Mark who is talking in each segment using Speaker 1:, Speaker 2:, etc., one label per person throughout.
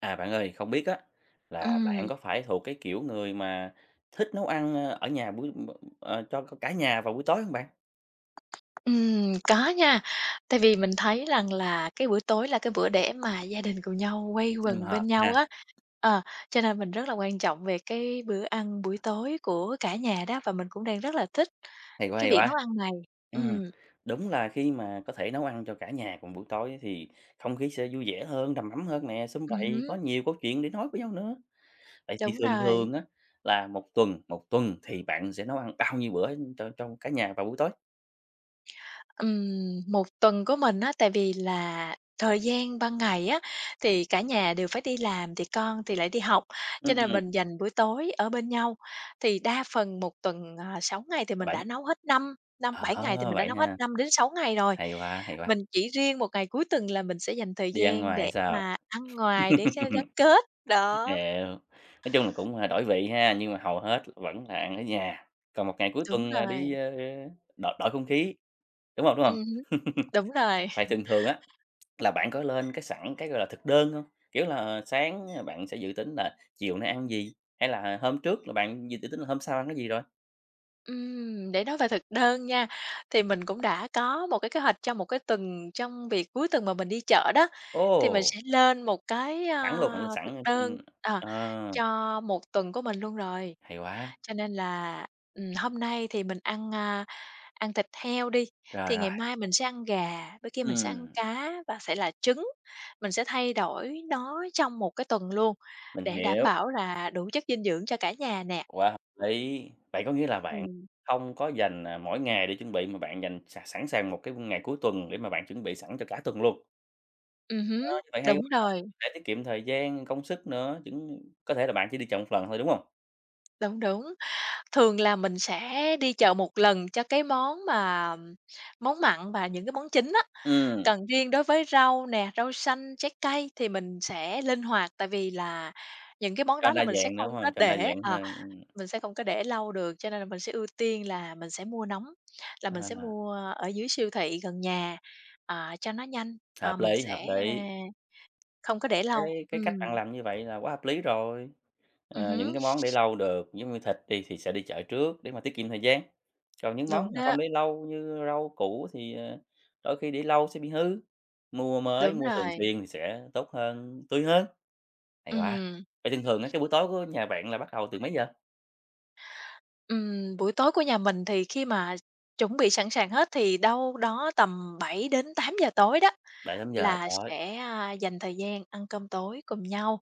Speaker 1: À, bạn ơi, không biết á là bạn
Speaker 2: Ừm.
Speaker 1: có phải thuộc cái kiểu người mà thích nấu ăn ở nhà buổi ờ, cho c cả nhà vào buổi tối hông bạn?
Speaker 2: Ừm, có nha, tại vì mình thấy rằng là cái bữa tối là cái bữa để mà gia đình cùng nhau quây
Speaker 1: Sum
Speaker 2: quần
Speaker 1: họp
Speaker 2: bên nhau
Speaker 1: ha.
Speaker 2: á ờ, cho nên mình rất là quan trọng về cái bữa ăn buổi tối của cả nhà đó và mình cũng đang rất là thích
Speaker 1: Hay quá,
Speaker 2: cái
Speaker 1: hay
Speaker 2: việc
Speaker 1: quá!
Speaker 2: nấu ăn này,
Speaker 1: Ừm,
Speaker 2: ừm.
Speaker 1: đúng là khi mà có thể nấu ăn cho cả nhà cùng buổi tối thì không khí sẽ vui vẻ hơn, đầm ấm hơn nè, sum
Speaker 2: Ừm
Speaker 1: vầy, có
Speaker 2: hứm.
Speaker 1: nhiều câu chuyện để nói với nhau nữa, vậy thì
Speaker 2: Đúng
Speaker 1: thường
Speaker 2: rồi.
Speaker 1: thường á là 1 tuần một tuần thì bạn sẽ nấu ăn bao nhiêu bữa cho trong cả nhà vào buổi tối?
Speaker 2: Ừm, 1 tuần của mình á, tại vì là thời gian ban ngày á thì cả nhà đều phải đi làm thì con thì lại đi học, cho nên mình
Speaker 1: Ừm.
Speaker 2: dành buổi tối ở bên nhau, thì đa phần 1 tuần, ờ, 6 ngày thì
Speaker 1: Ờ,
Speaker 2: mình đã
Speaker 1: 7.
Speaker 2: nấu hết năm năm
Speaker 1: Ờ,
Speaker 2: bảy ngày thì mình đã
Speaker 1: vậy
Speaker 2: nấu hết
Speaker 1: ha.
Speaker 2: 5-6. ngày rồi,
Speaker 1: Hay quá, hay quá.
Speaker 2: mình chỉ riêng 1 ngày cuối tuần là mình sẽ dành thời
Speaker 1: Đi ăn
Speaker 2: gian
Speaker 1: ngoài hay
Speaker 2: để
Speaker 1: sao?
Speaker 2: mà ăn ngoài để cho gắn kết, đó.
Speaker 1: Hiểu. Nói chung là cũng là đổi vị ha, nhưng mà hầu hết vẫn là ăn ở nhà, còn 1 ngày cuối
Speaker 2: Đúng
Speaker 1: tuần là đi,
Speaker 2: rồi.
Speaker 1: a, đổi đổi không khí, đúng hông, đúng
Speaker 2: Ừm
Speaker 1: hông?
Speaker 2: hứm, đúng rồi.
Speaker 1: Vậy thường thường á, là bạn có lên cái sẵn cái, gọi là, thực đơn hông? Kiểu là, sáng bạn sẽ dự tính là chiều nay ăn gì, hay là hôm trước là bạn dự dự tính là hôm sau ăn cái gì rồi?
Speaker 2: Ừm, để nói về thực đơn nha, thì mình cũng đã có một cái kế hoạch cho một cái tuần trong việc cuối tuần mà mình đi chợ đó. Thì mình
Speaker 1: Ồ!
Speaker 2: sẽ lên một cái,
Speaker 1: Sẵn luôn, bạn lên
Speaker 2: ơ, thực
Speaker 1: sẵn ha, ừm.
Speaker 2: đơn, ờ,
Speaker 1: Ờ.
Speaker 2: cho một tuần của mình luôn rồi.
Speaker 1: Hay quá!
Speaker 2: Cho nên là, ừm, hôm nay thì mình ăn, a, ăn thịt heo đi,
Speaker 1: Rồi,
Speaker 2: thì
Speaker 1: rồi.
Speaker 2: ngày mai mình sẽ ăn gà, bữa kia mình sẽ ăn
Speaker 1: Ừm.
Speaker 2: cá và sẽ là trứng. Mình sẽ thay đổi nó trong một cái tuần luôn,
Speaker 1: Mình
Speaker 2: để đảm
Speaker 1: hiểu.
Speaker 2: bảo là đủ chất dinh dưỡng cho cả nhà nè.
Speaker 1: Quá hợp lý! Vậy có nghĩa là bạn
Speaker 2: Ừm.
Speaker 1: hông có dành, à, mỗi ngày để chuẩn bị mà bạn dành s sẵn sàng một cái, ưm, ngày cuối tuần để mà bạn chuẩn bị sẵn cho cả tuần luôn.
Speaker 2: Ừm hứm.
Speaker 1: Ơ, như vậy hay quá,
Speaker 2: Đúng rồi.
Speaker 1: để tiết kiệm thời gian, công sức nữa, giống có thể là bạn chỉ đi chợ 1 lần thôi, đúng hông?
Speaker 2: Đúng, đúng. Thường là mình sẽ đi chợ một lần cho cái món mà món mặn và những cái món chính á.
Speaker 1: Ừm.
Speaker 2: Còn riêng đối với rau nè, rau xanh, trái cây thì mình sẽ linh hoạt, tại vì là những cái món
Speaker 1: Cho
Speaker 2: đó là
Speaker 1: đa
Speaker 2: mình sẽ
Speaker 1: dạng, đúng
Speaker 2: không có
Speaker 1: hông? Cho đa
Speaker 2: để,
Speaker 1: dạng
Speaker 2: ờ,
Speaker 1: hơn, ừm.
Speaker 2: mình sẽ không có để lâu được, cho nên là mình sẽ ưu tiên là mình sẽ mua nóng, là mình sẽ
Speaker 1: À.
Speaker 2: mua ở dưới siêu thị gần nhà, ờ, cho nó nhanh, ờ,
Speaker 1: Hợp
Speaker 2: mình
Speaker 1: lý, hợp
Speaker 2: sẽ
Speaker 1: lý.
Speaker 2: không có để lâu.
Speaker 1: Cái cái cách bạn
Speaker 2: Ừm.
Speaker 1: làm như vậy là quá hợp lý rồi.
Speaker 2: Ừm
Speaker 1: Ờ, những
Speaker 2: hứm.
Speaker 1: cái món để lâu được giống như thịt đi, thì sẽ đi chợ trước để mà tiết kiệm thời gian. Còn những món
Speaker 2: Đúng
Speaker 1: mà
Speaker 2: đó.
Speaker 1: không để lâu như rau củ thì, ờ, đôi khi để lâu sẽ bị hư, mua mới,
Speaker 2: Đúng
Speaker 1: mua thường
Speaker 2: rồi.
Speaker 1: xuyên thì sẽ tốt hơn, tươi hơn. Hay quá!
Speaker 2: Ừm.
Speaker 1: Vậy thường thường á, cái buổi tối của nhà bạn là bắt đầu từ mấy giờ?
Speaker 2: Ừm, buổi tối của nhà mình thì khi mà chuẩn bị sẵn sàng hết thì đâu đó tầm 7:00-8:00 tối đó,
Speaker 1: 7:00-8:00
Speaker 2: là
Speaker 1: tối.
Speaker 2: sẽ, a, dành thời gian ăn cơm tối cùng nhau.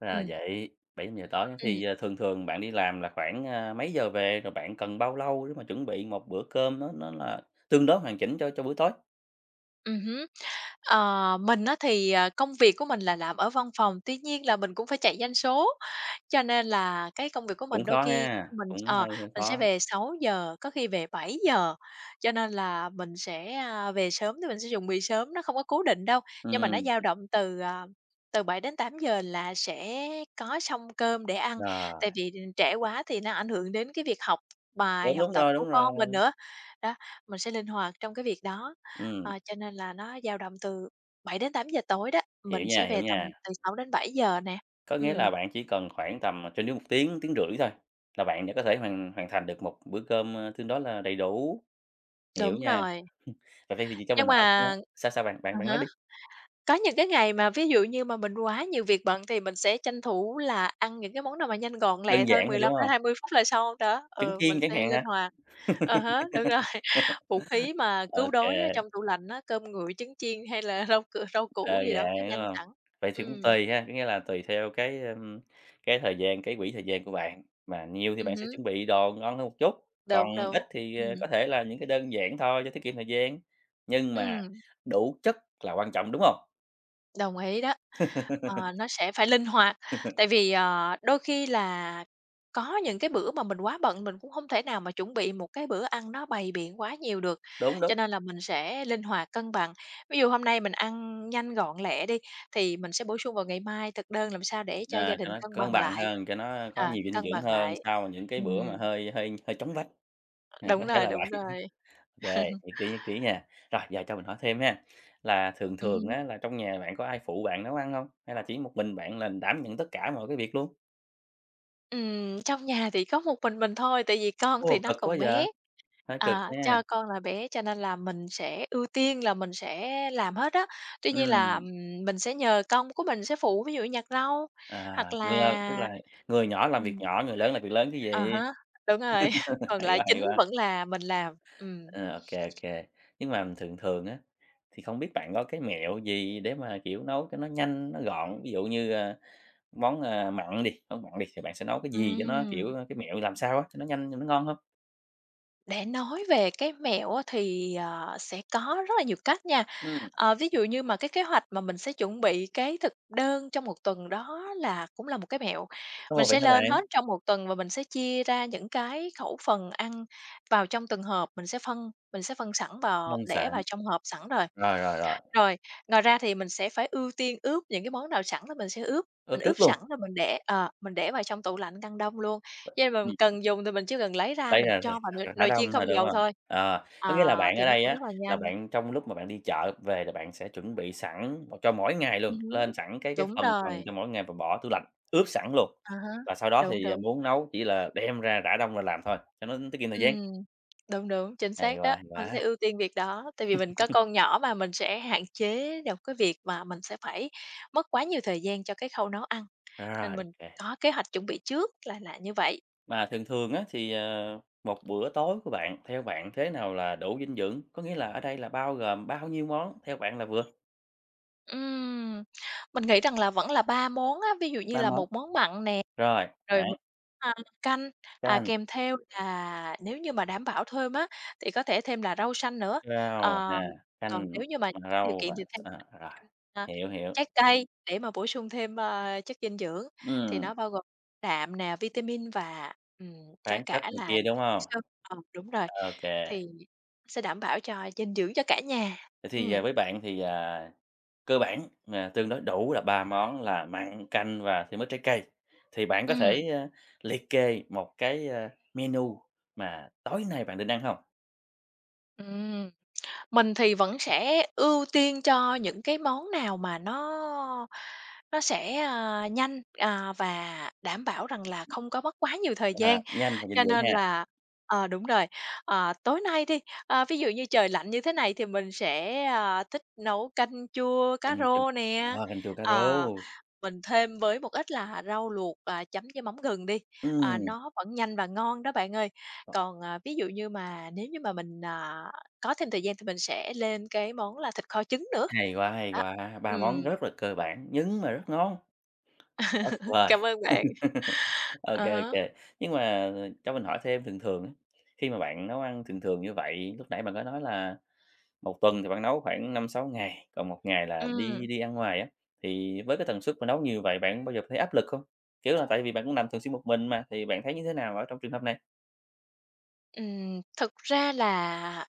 Speaker 1: Ra là
Speaker 2: Ừm.
Speaker 1: vậy, 7:00 tối, có
Speaker 2: Ừm.
Speaker 1: khi a, thường thường bạn đi làm là khoảng, a, mấy giờ về? Rồi bạn cần bao lâu để mà chuẩn bị một bữa cơm nó nó là tương đối hoàn chỉnh cho cho bữa tối?
Speaker 2: Ừm hứm. Ờ, mình á thì, ờ, công việc của mình là làm ở văn phòng, tuy nhiên là mình cũng phải chạy doanh số, cho nên là cái công việc của
Speaker 1: Cũng
Speaker 2: mình đôi
Speaker 1: khó
Speaker 2: khi
Speaker 1: ha!
Speaker 2: mình,
Speaker 1: Cũng
Speaker 2: ờ,
Speaker 1: hơi hơi
Speaker 2: mình sẽ
Speaker 1: khó.
Speaker 2: về 6:00, có khi về 7:00. Cho nên là mình sẽ, a, về sớm thì mình sẽ dùng bị sớm, nó không có cố định đâu, nhưng mà nó
Speaker 1: Ừm.
Speaker 2: dao động từ, à, từ 7:00-8:00 là sẽ có xong cơm để ăn,
Speaker 1: Rồi.
Speaker 2: tại vì, ừm, trễ quá thì nó ảnh hưởng đến cái việc học bài,
Speaker 1: Đúng,
Speaker 2: học
Speaker 1: đúng
Speaker 2: tập
Speaker 1: rồi,
Speaker 2: của
Speaker 1: đúng
Speaker 2: con mình
Speaker 1: rồi!
Speaker 2: nữa. Đó, mình sẽ linh hoạt trong cái việc đó, ờ,
Speaker 1: Ừm.
Speaker 2: cho nên là nó dao động từ 7:00-8:00 tối đó, mình
Speaker 1: Hiểu nha,
Speaker 2: sẽ
Speaker 1: hiểu
Speaker 2: về tầm
Speaker 1: nha.
Speaker 2: từ 6:00-7:00 nè.
Speaker 1: Có nghĩa là
Speaker 2: Ừm.
Speaker 1: bạn chỉ cần khoảng tầm, à, trên dưới 1 tiếng, tiếng rưỡi thôi là bạn đã có thể hoàn hoàn thành được một bữa cơm, a, tương đối là đầy đủ. Hiểu
Speaker 2: Đúng
Speaker 1: nha.
Speaker 2: rồi.
Speaker 1: À, vậy thì thì cho
Speaker 2: Nhưng
Speaker 1: mình hỏi cái nữa
Speaker 2: mà
Speaker 1: sao sao bạn? Bạn
Speaker 2: à
Speaker 1: bạn nói
Speaker 2: há,
Speaker 1: đi.
Speaker 2: có những cái ngày mà ví dụ như mà mình quá nhiều việc bận thì mình sẽ tranh thủ là ăn những cái món nào mà nhanh gọn
Speaker 1: Đơn
Speaker 2: lẹ thôi,
Speaker 1: giản thôi,
Speaker 2: mười
Speaker 1: đúng
Speaker 2: lăm tới
Speaker 1: hông?
Speaker 2: hai mươi phút là xong đó.
Speaker 1: Trứng
Speaker 2: Ừ, mình
Speaker 1: chiên chẳng
Speaker 2: sẽ
Speaker 1: hạn
Speaker 2: linh
Speaker 1: hả?
Speaker 2: hoạt. À há, đúng rồi. Vũ khí mà cứu
Speaker 1: OK.
Speaker 2: đói ở trong tủ lạnh á, cơm nguội trứng chiên, hay là rau c rau củ
Speaker 1: Đơn
Speaker 2: gì đó
Speaker 1: giản,
Speaker 2: nó
Speaker 1: đúng
Speaker 2: nhanh
Speaker 1: hông?
Speaker 2: sẵn.
Speaker 1: Vậy thì cũng
Speaker 2: Ừm.
Speaker 1: tùy ha, có nghĩa là tùy theo cái, ưm, cái thời gian, cái quỹ thời gian của bạn, mà nhiều thì
Speaker 2: Ừm
Speaker 1: bạn sẽ
Speaker 2: hứm.
Speaker 1: chuẩn bị đồ ngon hơn một chút, còn
Speaker 2: Đúng,
Speaker 1: ít
Speaker 2: đúng.
Speaker 1: thì, à,
Speaker 2: Ừm.
Speaker 1: có thể là những cái đơn giản thôi cho tiết kiệm thời gian, nhưng mà,
Speaker 2: Ừm.
Speaker 1: đủ chất là quan trọng, đúng hông?
Speaker 2: Đồng ý đó, ờ, nó sẽ phải linh hoạt, tại vì, ờ, đôi khi là có những cái bữa mà mình quá bận mình cũng hông thể nào mà chuẩn bị một cái bữa ăn nó bày biện quá nhiều được,
Speaker 1: Đúng, đúng.
Speaker 2: cho nên là mình sẽ linh hoạt cân bằng. Ví dụ hôm nay mình ăn nhanh gọn lẹ đi thì mình sẽ bổ sung vào ngày mai thực đơn làm sao để cho gia
Speaker 1: Ờ, cho
Speaker 2: đình
Speaker 1: nó
Speaker 2: cân
Speaker 1: cân
Speaker 2: bằng
Speaker 1: bằng
Speaker 2: lại,
Speaker 1: hơn, cho nó có
Speaker 2: ờ,
Speaker 1: nhiều dinh
Speaker 2: cân
Speaker 1: dưỡng
Speaker 2: bằng
Speaker 1: hơn,
Speaker 2: lại,
Speaker 1: sau những cái bữa
Speaker 2: ừm.
Speaker 1: mà hơi hơi hơi chóng vánh. À, có
Speaker 2: Đúng
Speaker 1: thể
Speaker 2: rồi,
Speaker 1: là
Speaker 2: đúng
Speaker 1: vậy,
Speaker 2: rồi.
Speaker 1: ô kê, nhất trí, nhất trí nha. Rồi giờ cho mình hỏi thêm ha, là thường
Speaker 2: Ừm
Speaker 1: thường
Speaker 2: hứm.
Speaker 1: á là trong nhà bạn có ai phụ bạn nấu ăn hông? Hay là chỉ một mình bạn là đảm nhận tất cả mọi cái việc luôn?
Speaker 2: Ừm, trong nhà thì có một mình mình thôi, tại vì con thì
Speaker 1: Ồ,
Speaker 2: nó
Speaker 1: cực quá
Speaker 2: còn
Speaker 1: vậy,
Speaker 2: bé,
Speaker 1: hơi cực
Speaker 2: à, cho
Speaker 1: nha!
Speaker 2: con là bé cho nên là mình sẽ ưu tiên là mình sẽ làm hết á. Tuy nhiên là,
Speaker 1: Ừm.
Speaker 2: ừm, mình sẽ nhờ con của mình sẽ phụ, ví dụ nhặt rau,
Speaker 1: À,
Speaker 2: hoặc
Speaker 1: ng lơ, tức
Speaker 2: là
Speaker 1: là người nhỏ làm việc
Speaker 2: ừm.
Speaker 1: nhỏ, người lớn làm việc lớn chứ
Speaker 2: À
Speaker 1: gì?
Speaker 2: há, đúng rồi, còn
Speaker 1: Hay
Speaker 2: lại
Speaker 1: quá, hay
Speaker 2: chính
Speaker 1: quá.
Speaker 2: vẫn là mình làm, ừm.
Speaker 1: Ờ, ô kê, ô kê, nhưng mà thường thường á, thì không biết bạn có cái mẹo gì để mà, kiểu, nấu cho nó nhanh, nó gọn? Ví dụ như, a, món, ờ, mặn đi, món mặn đi, thì bạn sẽ nấu cái gì cho nó, kiểu,
Speaker 2: Ừm.
Speaker 1: cái mẹo làm sao á, cho nó nhanh, cho nó ngon hông?
Speaker 2: Để nói về cái mẹo á thì, ờ, sẽ có rất là nhiều cách nha.
Speaker 1: Ừm.
Speaker 2: Ờ, ví dụ như mà cái kế hoạch mà mình sẽ chuẩn bị cái thực đơn trong một tuần đó là cũng là một cái mẹo.
Speaker 1: Ồ!
Speaker 2: Mình
Speaker 1: Vậy
Speaker 2: sẽ
Speaker 1: hả
Speaker 2: lên
Speaker 1: bạn?
Speaker 2: hết trong một tuần và mình sẽ chia ra những cái khẩu phần ăn vào trong từng hộp mình sẽ phân mình sẽ phân sẵn vào
Speaker 1: Nông
Speaker 2: để
Speaker 1: sản.
Speaker 2: vào trong hộp sẵn rồi.
Speaker 1: Rồi, rồi, rồi.
Speaker 2: Rồi, ngoài ra thì mình sẽ phải ưu tiên ướp những cái món nào sẵn là mình sẽ ướp, mình
Speaker 1: Ướp
Speaker 2: ướp
Speaker 1: trước
Speaker 2: sẵn
Speaker 1: luôn.
Speaker 2: rồi mình để ờ, mình để vào trong tủ lạnh ngăn đông luôn. Khi nào mình cần dùng thì mình chỉ cần lấy ra
Speaker 1: Lấy
Speaker 2: mình
Speaker 1: ra
Speaker 2: cho
Speaker 1: rồi
Speaker 2: vào
Speaker 1: r
Speaker 2: nồi
Speaker 1: r rã
Speaker 2: nồi chiên
Speaker 1: đông
Speaker 2: không
Speaker 1: thôi, đúng
Speaker 2: dầu
Speaker 1: hông?
Speaker 2: thôi.
Speaker 1: Ờ,
Speaker 2: Ờ,
Speaker 1: có nghĩa là bạn
Speaker 2: thì
Speaker 1: ở
Speaker 2: nó
Speaker 1: đây
Speaker 2: cũng
Speaker 1: á,
Speaker 2: rất là
Speaker 1: là
Speaker 2: nhanh.
Speaker 1: bạn trong lúc mà bạn đi chợ về là bạn sẽ chuẩn bị sẵn cho mỗi ngày luôn,
Speaker 2: Ừm hứm,
Speaker 1: lên sẵn cái cái
Speaker 2: đúng
Speaker 1: phần phần
Speaker 2: rồi.
Speaker 1: cho mỗi ngày và bỏ tủ lạnh, ướp sẵn luôn,
Speaker 2: À há,
Speaker 1: và sau đó
Speaker 2: đúng,
Speaker 1: thì, à,
Speaker 2: đúng.
Speaker 1: muốn nấu chỉ là đem ra rã đông rồi làm thôi, cho nó tiết kiệm thời gian.
Speaker 2: Ừm, đúng, đúng, chính
Speaker 1: Hay
Speaker 2: xác
Speaker 1: quá,
Speaker 2: đó!
Speaker 1: hay
Speaker 2: Anh sẽ
Speaker 1: quá.
Speaker 2: ưu tiên việc đó, tại vì mình có con nhỏ mà, mình sẽ hạn chế được cái việc mà mình sẽ phải, mất quá nhiều thời gian cho cái khâu nấu ăn,
Speaker 1: Rồi,
Speaker 2: nên
Speaker 1: ô
Speaker 2: mình
Speaker 1: kê!
Speaker 2: có kế hoạch chuẩn bị trước là là như vậy.
Speaker 1: Mà thường thường á thì, ờ, một bữa tối của bạn, theo bạn thế nào là đủ dinh dưỡng? Có nghĩa là ở đây là bao gồm bao nhiêu món theo bạn là vừa?
Speaker 2: Ừm, mình nghĩ rằng là vẫn là 3 món á, ví dụ như
Speaker 1: 3
Speaker 2: là
Speaker 1: món,
Speaker 2: 1 món mặn nè,
Speaker 1: rồi
Speaker 2: rồi 1
Speaker 1: bạn.
Speaker 2: [unintelligible] canh, à,
Speaker 1: Canh.
Speaker 2: kèm theo là nếu như mà đảm bảo thêm á, thì có thể thêm là rau sanh nữa.
Speaker 1: Rau
Speaker 2: Ờ,
Speaker 1: nè,
Speaker 2: còn
Speaker 1: canh
Speaker 2: nếu như mà [unintelligible]
Speaker 1: và
Speaker 2: điều
Speaker 1: rau và
Speaker 2: kiện thì thêm
Speaker 1: à, rồi,
Speaker 2: [unintelligible] a,
Speaker 1: hiểu, hiểu.
Speaker 2: trái cây để mà bổ sung thêm, ơ, chất dinh dưỡng thì
Speaker 1: Ừm.
Speaker 2: nó bao gồm đạm nè, vitamin và, ừm, có
Speaker 1: Khoáng
Speaker 2: cả
Speaker 1: chất này
Speaker 2: là
Speaker 1: kia, đúng
Speaker 2: [unintelligible]
Speaker 1: hông?
Speaker 2: xơ ờ, đúng rồi,
Speaker 1: OK.
Speaker 2: thì sẽ đảm bảo cho dinh dưỡng cho cả nhà.
Speaker 1: Vậy thì, ờ,
Speaker 2: Ừm.
Speaker 1: với bạn thì, à, cơ bản mà tương đối đủ là 3 món là mặn, canh và thêm ít trái cây, thì bạn có
Speaker 2: Ừm.
Speaker 1: thể, ơ, liệt kê một cái, ơ, menu mà tối nay bạn định ăn hông?
Speaker 2: Ừm, mình thì vẫn sẽ ưu tiên cho những cái món nào mà nó nó sẽ, ờ, nhanh, à, và đảm bảo rằng là không có mất quá nhiều thời
Speaker 1: À,
Speaker 2: gian.
Speaker 1: nhanh và dinh
Speaker 2: Cho
Speaker 1: dưỡng
Speaker 2: nên
Speaker 1: ha.
Speaker 2: là ờ, đúng rồi, ờ, tối nay đi, ơ, ví dụ như trời lạnh như thế này thì mình sẽ, à, thích nấu canh chua cá
Speaker 1: Canh chua,
Speaker 2: rô nè,
Speaker 1: ờ, canh chua cá rô!
Speaker 2: ờ, mình thêm với một ít là rau luộc, à, chấm với mắm gừng đi, à,
Speaker 1: Ừm.
Speaker 2: nó vẫn nhanh và ngon đó bạn ơi. Còn, ờ, ví dụ như mà nếu như mà mình, à, có thêm thời gian thì mình sẽ lên cái món là thịt kho trứng nữa,
Speaker 1: Hay quá, hay
Speaker 2: đó,
Speaker 1: quá! 3 món
Speaker 2: ừm.
Speaker 1: rất là cơ bản, nhưng mà rất ngon. Quá tuyệt vời!
Speaker 2: Cảm ơn bạn.
Speaker 1: Ô
Speaker 2: À
Speaker 1: kê, ô
Speaker 2: há.
Speaker 1: kê. Nhưng mà, à, cho mình hỏi thêm thường thường á, khi mà bạn nấu ăn thường thường như vậy lúc nãy bạn có nói là, 1 tuần thì bạn nấu khoảng 5-6 ngày, còn 1 ngày là đi
Speaker 2: Ừm.
Speaker 1: đi ăn ngoài á, thì với cái tần suất mà nấu nhiều vậy bạn có bao giờ thấy áp lực không? Kiểu là, tại vì bạn cũng làm thường xuyên một mình mà, thì bạn thấy như thế nào ở trong trường hợp này?
Speaker 2: Ừm, thực ra là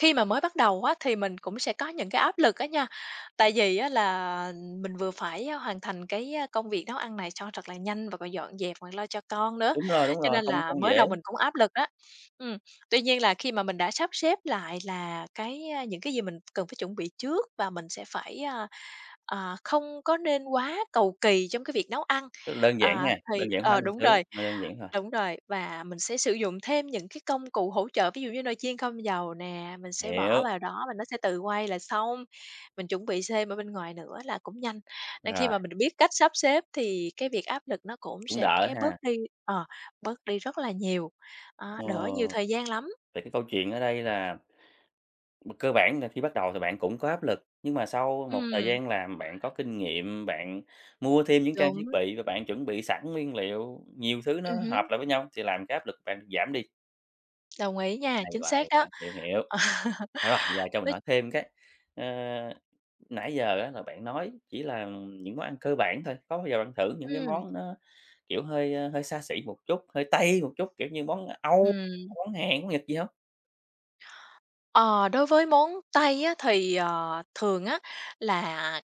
Speaker 2: khi mà mới bắt đầu á, thì mình cũng sẽ có những cái áp lực á nha. Tại vì á là, mình vừa phải hoàn thành cái công việc nấu ăn này cho thật là nhanh, và còn dọn dẹp còn lo cho con nữa,
Speaker 1: Đúng rồi, đúng
Speaker 2: cho
Speaker 1: rồi.
Speaker 2: nên
Speaker 1: Không
Speaker 2: là
Speaker 1: không
Speaker 2: mới
Speaker 1: dễ.
Speaker 2: đầu mình cũng áp lực đó. Ừm, tuy nhiên là khi mà mình đã sắp xếp lại là cái, a, những cái gì mình cần phải chuẩn bị trước và mình sẽ phải, à, à, không có nên quá cầu kỳ trong cái việc nấu ăn,
Speaker 1: Tức đơn giản
Speaker 2: ờ,
Speaker 1: ha,
Speaker 2: thì
Speaker 1: đơn giản hóa
Speaker 2: ờ,
Speaker 1: mọi
Speaker 2: đúng
Speaker 1: thứ,
Speaker 2: rồi,
Speaker 1: nó đơn giản thôi.
Speaker 2: đúng rồi, và mình sẽ sử dụng thêm những cái công cụ hỗ trợ. Ví dụ như nồi chiên không dầu nè, mình sẽ bỏ
Speaker 1: Hiểu.
Speaker 2: vào đó và nó sẽ tự quay là xong, mình chuẩn bị thêm ở bên ngoài nữa là cũng nhanh. Nên khi
Speaker 1: Rồi.
Speaker 2: mà mình biết cách sắp xếp thì cái việc áp lực nó cũng
Speaker 1: Cũng
Speaker 2: sẽ
Speaker 1: đỡ
Speaker 2: bớt
Speaker 1: ha.
Speaker 2: đi, ờ, bớt đi rất là nhiều, à,
Speaker 1: Ờ,
Speaker 2: đỡ nhiều thời gian lắm.
Speaker 1: vậy cái câu chuyện ở đây là b cơ bản là khi bắt đầu thì bạn cũng có áp lực, nhưng mà sau một thời
Speaker 2: Ừm.
Speaker 1: gian làm bạn có kinh nghiệm, bạn mua thêm những trang
Speaker 2: Đúng.
Speaker 1: thiết bị và bạn chuẩn bị sẵn nguyên liệu, nhiều thứ nó
Speaker 2: Ừm
Speaker 1: hợp
Speaker 2: hứm.
Speaker 1: lại với nhau thì làm cái áp lực bạn giảm đi.
Speaker 2: Đồng ý nha,
Speaker 1: Hay
Speaker 2: chính
Speaker 1: quá,
Speaker 2: xác
Speaker 1: hay
Speaker 2: đó.
Speaker 1: quá. Hiểu, hiểu.
Speaker 2: Ờ,
Speaker 1: Rồi, giờ cho
Speaker 2: v
Speaker 1: mình hỏi thêm cái, ờ, nãy giờ á là bạn nói chỉ là những món ăn cơ bản thôi, có bao giờ bạn thử những cái
Speaker 2: Ừm.
Speaker 1: món nó, kiểu, hơi, a, hơi xa xỉ một chút, hơi Tây một chút, kiểu như món Âu,
Speaker 2: Ừm.
Speaker 1: món Hàn, món Nhật gì hông?
Speaker 2: Ờ, đối với món Tây á, thì, ờ, thường á là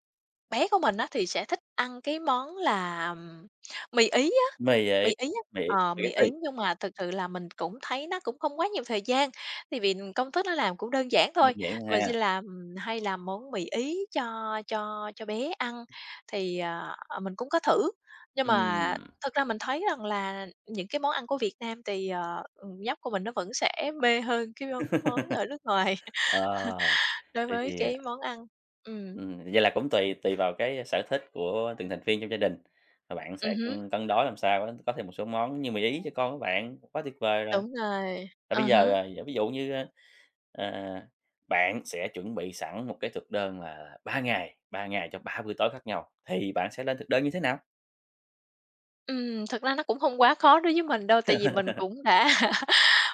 Speaker 2: bé của mình á thì sẽ thích ăn cái món là, ừm, mì Ý á
Speaker 1: Mì
Speaker 2: mì
Speaker 1: Ý,
Speaker 2: Ý
Speaker 1: mì
Speaker 2: á,
Speaker 1: Ý,
Speaker 2: ờ, mì Ý
Speaker 1: spaghetti.
Speaker 2: nhưng mà thực sự là mình cũng thấy nó cũng không quá nhiều thời gian, tại vì công thức nó làm cũng đơn giản
Speaker 1: Đơn
Speaker 2: thôi.
Speaker 1: giản
Speaker 2: Mình sẽ
Speaker 1: ha.
Speaker 2: làm hay làm món mì Ý cho cho cho bé ăn thì, ờ, ờ, mình cũng có thử, nhưng mà
Speaker 1: Ừm.
Speaker 2: thực ra mình thấy rằng là những cái món ăn của Việt Nam tì, ờ, ừm, nhóc của mình nó vẫn sẽ mê hơn cái món món ở nước ngoài,
Speaker 1: Ờ,
Speaker 2: đối
Speaker 1: vậy
Speaker 2: với
Speaker 1: thì
Speaker 2: cái
Speaker 1: à
Speaker 2: món ăn. Ừm.
Speaker 1: Ừm, vậy là cũng tùy tùy vào cái sở thích của từng thành viên trong gia đình và bạn sẽ,
Speaker 2: Ừm hứm.
Speaker 1: ừm, cân đối làm sao á có thêm một số món như mì Ý cho con của bạn, quá tuyệt vời rồi.
Speaker 2: Đúng rồi,
Speaker 1: Và bây
Speaker 2: à
Speaker 1: giờ,
Speaker 2: há.
Speaker 1: à, ví dụ như, a, à, bạn sẽ chuẩn bị sẵn một cái thực đơn là 3 ngày, 3 ngày cho 3 bữa tối khác nhau, thì bạn sẽ lên thực đơn như thế nào?
Speaker 2: Ừm, thực ra nó cũng hông quá khó đối với mình đâu, tại vì mình cũng đã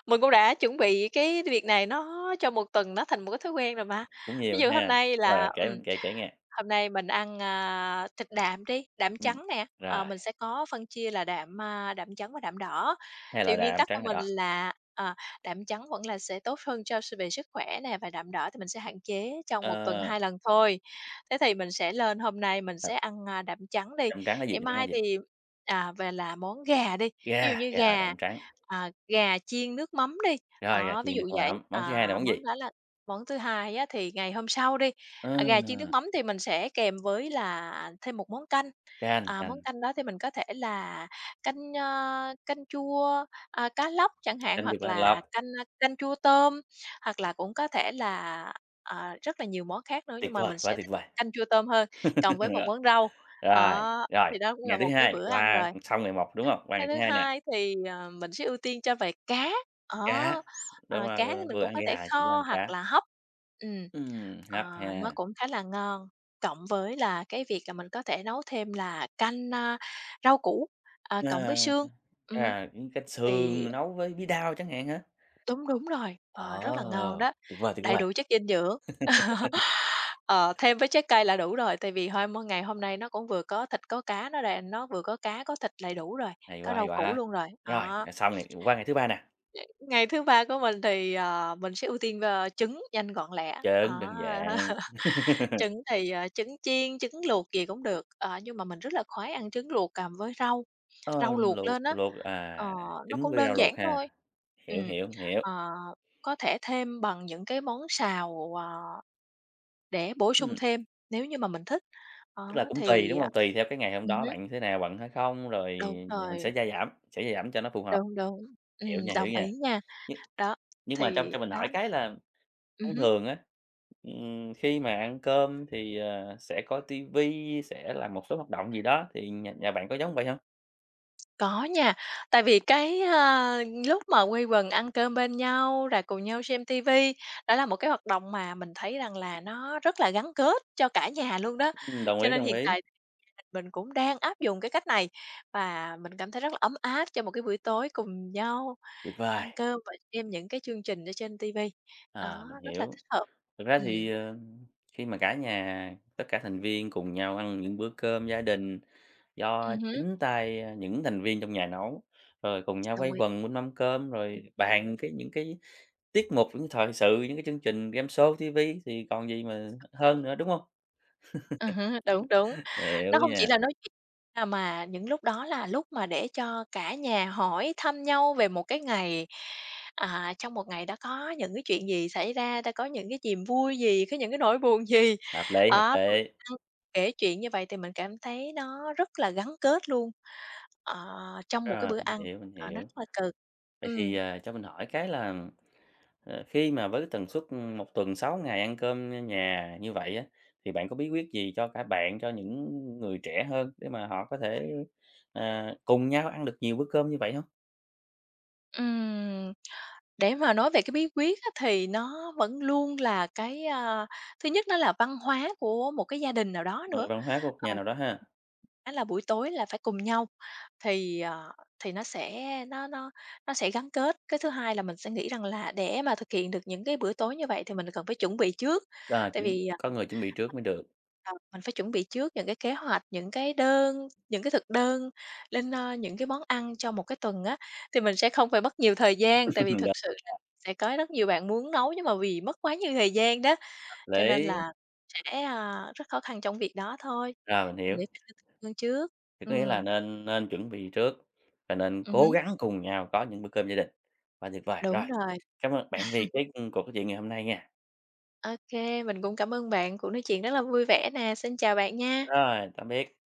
Speaker 2: mình cũng đã chuẩn bị cái việc này nó cho 1 tuần nó thành một cái thói quen rồi mà.
Speaker 1: Cũng
Speaker 2: Ví
Speaker 1: nhiều
Speaker 2: dụ hôm
Speaker 1: ha!
Speaker 2: nay
Speaker 1: Rồi,
Speaker 2: là,
Speaker 1: rồi, kể
Speaker 2: ừm,
Speaker 1: kể kể nghe.
Speaker 2: hôm nay mình ăn, a, thịt đạm đi, đạm
Speaker 1: Ừm,
Speaker 2: trắng nè, ờ,
Speaker 1: rồi.
Speaker 2: mình sẽ có phân chia là đạm, a, đạm trắng và đạm đỏ.
Speaker 1: 2
Speaker 2: Thì
Speaker 1: loại
Speaker 2: nguyên
Speaker 1: đạm,
Speaker 2: tắc của
Speaker 1: trắng và
Speaker 2: mình
Speaker 1: đỏ.
Speaker 2: là, à, đạm trắng vẫn là sẽ tốt hơn cho s về sức khỏe nè và đạm đỏ thì mình sẽ hạn chế trong một tuần
Speaker 1: Ờ.
Speaker 2: 2 lần thôi. Thế thì mình sẽ lên hôm nay mình sẽ
Speaker 1: Thật.
Speaker 2: ăn, a, đạm trắng đi,
Speaker 1: Đạm trắng là gì?
Speaker 2: ngày
Speaker 1: Đạm trắng là
Speaker 2: mai
Speaker 1: gì?
Speaker 2: thì, à, về là món gà đi. Ví dụ
Speaker 1: Gà,
Speaker 2: như
Speaker 1: gà là
Speaker 2: gà,
Speaker 1: đạm trắng.
Speaker 2: à, gà chiên nước mắm đi,
Speaker 1: Rồi, gà
Speaker 2: đó, ví
Speaker 1: chiên nước
Speaker 2: dụ vậy,
Speaker 1: mắm. Món thứ hai là
Speaker 2: à,
Speaker 1: món gì?
Speaker 2: món đó là món thứ hai á thì ngày hôm sau đi, à, gà chiên nước
Speaker 1: Ờ.
Speaker 2: mắm thì mình sẽ kèm với là thêm một món canh.
Speaker 1: Canh,
Speaker 2: À, món
Speaker 1: canh.
Speaker 2: canh đó thì mình có thể là canh, a, canh chua, a, cá lóc chẳng hạn.
Speaker 1: Canh chua
Speaker 2: Hoặc
Speaker 1: cá
Speaker 2: là
Speaker 1: lóc.
Speaker 2: canh, a, canh chua tôm, hoặc là cũng có thể là, à, rất là nhiều món khác nữa,
Speaker 1: Tuyệt
Speaker 2: nhưng mà
Speaker 1: vời,
Speaker 2: mình
Speaker 1: quá
Speaker 2: sẽ
Speaker 1: tuyệt
Speaker 2: thích
Speaker 1: vời!
Speaker 2: canh chua tôm hơn, cộng với một
Speaker 1: Rồi,
Speaker 2: món rau,
Speaker 1: rồi,
Speaker 2: đó,
Speaker 1: rồi.
Speaker 2: thì đó cũng là
Speaker 1: Ngày thứ
Speaker 2: một cái
Speaker 1: hai
Speaker 2: bữa ăn
Speaker 1: qua
Speaker 2: rồi.
Speaker 1: ừm, xong ngày một, đúng hông? Qua
Speaker 2: Cái
Speaker 1: ngày
Speaker 2: thứ
Speaker 1: thứ hai nè.
Speaker 2: hai thì, ờ, mình sẽ ưu tiên cho về cá, á,
Speaker 1: Cá,
Speaker 2: ờ,
Speaker 1: đúng rồi,
Speaker 2: cá thì
Speaker 1: vừa
Speaker 2: mình
Speaker 1: vừa
Speaker 2: cũng
Speaker 1: ăn
Speaker 2: có thể
Speaker 1: gà chuyển qua
Speaker 2: kho
Speaker 1: ăn
Speaker 2: hoặc
Speaker 1: cá.
Speaker 2: là hấp. Ừm,
Speaker 1: Ừm,
Speaker 2: ờ,
Speaker 1: hấp
Speaker 2: nó
Speaker 1: ha.
Speaker 2: cũng khá là ngon, cộng với là cái việc là mình có thể nấu thêm là canh, a, rau củ, ờ, cộng
Speaker 1: Ờ,
Speaker 2: với
Speaker 1: ừm,
Speaker 2: xương. Ừm,
Speaker 1: à, cũng canh
Speaker 2: thì
Speaker 1: sườn nấu với bí đao chẳng hạn hả?
Speaker 2: Đúng, đúng rồi, ờ, rất
Speaker 1: Ờ,
Speaker 2: là ngon đó,
Speaker 1: tuyệt vời, tuyệt
Speaker 2: đầy
Speaker 1: vời!
Speaker 2: đủ chất dinh dưỡng. Ờ, thêm với trái cây là đủ rồi, tại vì 2 món ngày hôm nay nó cũng vừa có thịt có cá, nó đàn, nó vừa có cá có thịt đầy đủ rồi,
Speaker 1: Hay
Speaker 2: có
Speaker 1: quá, hay
Speaker 2: rau củ
Speaker 1: quá!
Speaker 2: luôn rồi,
Speaker 1: Rồi
Speaker 2: đó.
Speaker 1: rồi xong ngày. Qua ngày thứ ba nè.
Speaker 2: Nếu ngày thứ ba của mình thì, ờ, mình sẽ ưu tiên, ơ, trứng nhanh gọn lẹ. Á,
Speaker 1: Trứng, đơn giản.
Speaker 2: trứng thì, ờ, trứng chiên, trứng luộc gì cũng được, ờ, nhưng mà mình rất là khoái ăn trứng luộc cộng với rau,
Speaker 1: Ờ,
Speaker 2: rau luộc
Speaker 1: luộc
Speaker 2: lên á.
Speaker 1: luộc à,
Speaker 2: Ờ, nó
Speaker 1: trứng
Speaker 2: cũng
Speaker 1: với rau
Speaker 2: đơn
Speaker 1: luộc
Speaker 2: giản
Speaker 1: ha,
Speaker 2: thôi.
Speaker 1: hiểu,
Speaker 2: Ừm,
Speaker 1: hiểu, hiểu.
Speaker 2: ờ, có thể thêm bằng những cái món xào, à, để bổ sung
Speaker 1: Ừm.
Speaker 2: thêm, nếu như mà mình thích, á
Speaker 1: Tức là cũng tùy,
Speaker 2: thì,
Speaker 1: đúng
Speaker 2: à,
Speaker 1: hông? Tùy theo cái ngày hôm
Speaker 2: ừm
Speaker 1: đó
Speaker 2: hứm.
Speaker 1: bạn như thế nào, bận hay không? Rồi
Speaker 2: Đúng
Speaker 1: rồi mình
Speaker 2: rồi.
Speaker 1: sẽ gia giảm sẽ gia giảm cho nó phù hợp.
Speaker 2: Đúng, đúng.
Speaker 1: Hiểu
Speaker 2: Ừm,
Speaker 1: nha, hiểu
Speaker 2: đồng
Speaker 1: nha.
Speaker 2: ý nha.
Speaker 1: Nhưng
Speaker 2: Đó,
Speaker 1: nhưng mà trong
Speaker 2: thì
Speaker 1: cho mình hỏi
Speaker 2: đó.
Speaker 1: cái là
Speaker 2: Ừm
Speaker 1: thông
Speaker 2: hứm.
Speaker 1: thường á, ừm, khi mà ăn cơm thì, ờ, sẽ coi ti vi, sẽ làm một số hoạt động gì đó, thì nhà nhà bạn có giống vậy hông?
Speaker 2: Có nha, tại vì cái, ờ, lúc mà quây quần ăn cơm bên nhau, là cùng nhau xem ti vi, đó là một cái hoạt động mà mình thấy rằng là nó rất là gắn kết cho cả nhà luôn đó.
Speaker 1: Ừm, đồng
Speaker 2: Cho
Speaker 1: ý,
Speaker 2: nên
Speaker 1: đồng
Speaker 2: hiện
Speaker 1: ý.
Speaker 2: tại thì gia đình mình cũng đang áp dụng cái cách này. Và mình cảm thấy rất là ấm áp trong một cái buổi tối cùng nhau
Speaker 1: Tuyệt
Speaker 2: ăn
Speaker 1: vời.
Speaker 2: cơm, và xem những cái chương trình ở trên ti vi,
Speaker 1: À,
Speaker 2: đó,
Speaker 1: mình
Speaker 2: rất là
Speaker 1: hiểu.
Speaker 2: thích hợp.
Speaker 1: Thực ra
Speaker 2: Ừm.
Speaker 1: thì, ờ, khi mà cả nhà, tất cả thành viên cùng nhau ăn những bữa cơm gia đình do
Speaker 2: Ừm hứm.
Speaker 1: chính tay, ờ, những thành viên trong nhà nấu. Rồi cùng nhau
Speaker 2: Đồng
Speaker 1: quây
Speaker 2: ý.
Speaker 1: quần bên mâm cơm, rồi bàn cái những cái tiết mục những thời sự, những cái chương trình gameshow, ti vi thì còn gì mà hơn nữa, đúng không?
Speaker 2: Ừ hứ, đúng, đúng,
Speaker 1: Hiểu
Speaker 2: nó hông chỉ
Speaker 1: nha.
Speaker 2: là nói chuyện, à, mà những lúc đó là lúc mà để cho cả nhà hỏi thăm nhau về một cái ngày, à, trong một ngày đã có những cái chuyện gì xảy ra, đã có những cái chìm vui gì, có những cái nỗi buồn gì?
Speaker 1: Hợp lý, hợp
Speaker 2: Đó, bữa
Speaker 1: lý.
Speaker 2: cơm kể chuyện như vậy thì mình cảm thấy nó rất là gắn kết luôn, ờ, trong một cái
Speaker 1: Rồi,
Speaker 2: bữa
Speaker 1: mình
Speaker 2: ăn,
Speaker 1: hiểu, mình
Speaker 2: ờ, nó
Speaker 1: hiểu.
Speaker 2: rất là cần.
Speaker 1: Vậy thì,
Speaker 2: Ừm.
Speaker 1: ờ, cho mình hỏi cái là, ờ, khi mà với cái tần suất, ừm, 1 tuần 6 ngày ăn cơm nhà như vậy á, thì bạn có bí quyết gì cho cả bạn cho những người trẻ hơn, để mà họ có thể, ờ, cùng nhau ăn được nhiều bữa cơm như vậy hông?
Speaker 2: Ừm, để mà nói về cái bí quyết á thì nó vẫn luôn là cái à, thứ nhất nó là văn hóa của một cái gia đình nào đó
Speaker 1: Phần
Speaker 2: nữa.
Speaker 1: văn hóa của một nhà
Speaker 2: Ờm.
Speaker 1: nào đó ha?
Speaker 2: Đó là buổi tối là phải cùng nhau thì, ờ, thì nó sẽ nó nó nó sẽ gắn kết. Cái thứ hai là mình sẽ nghĩ rằng là, để mà thực hiện được những cái buổi tối như vậy thì mình cần phải chuẩn bị trước.
Speaker 1: Quá
Speaker 2: Tại
Speaker 1: đúng,
Speaker 2: vì, à
Speaker 1: có người chuẩn bị trước mới được.
Speaker 2: Ờ, mình phải chuẩn bị trước những cái kế hoạch, những cái đơn những cái thực đơn lên, ờ, những cái món ăn cho một cái tuần á, thì mình sẽ không phải mất nhiều thời gian. Tại vì
Speaker 1: Đúng nha.
Speaker 2: thực sự là sẽ có rất nhiều bạn muốn nấu nhưng mà vì mất quá nhiều thời gian đó,
Speaker 1: Hợp
Speaker 2: cho nên
Speaker 1: lý.
Speaker 2: là sẽ, à, rất khó khăn trong việc đó thôi,
Speaker 1: Rồi mình
Speaker 2: mình
Speaker 1: hiểu.
Speaker 2: nghĩ nên lên thực đơn trước.
Speaker 1: Thì có nghĩa là
Speaker 2: Ừm.
Speaker 1: nên nên chuẩn bị trước và nên
Speaker 2: Ừm
Speaker 1: cố
Speaker 2: hứm.
Speaker 1: gắng cùng nhau có những bữa cơm gia đình, quá tuyệt vời.
Speaker 2: Đúng
Speaker 1: Rồi,
Speaker 2: rồi.
Speaker 1: cám ơn bạn vì cái, ừm, cuộc nói chuyện ngày hôm nay nha.
Speaker 2: Ô kê, mình cũng cảm ơn bạn, cuộc nói chuyện rất là vui vẻ nè. Xin chào bạn nha.
Speaker 1: Rồi, tạm biệt.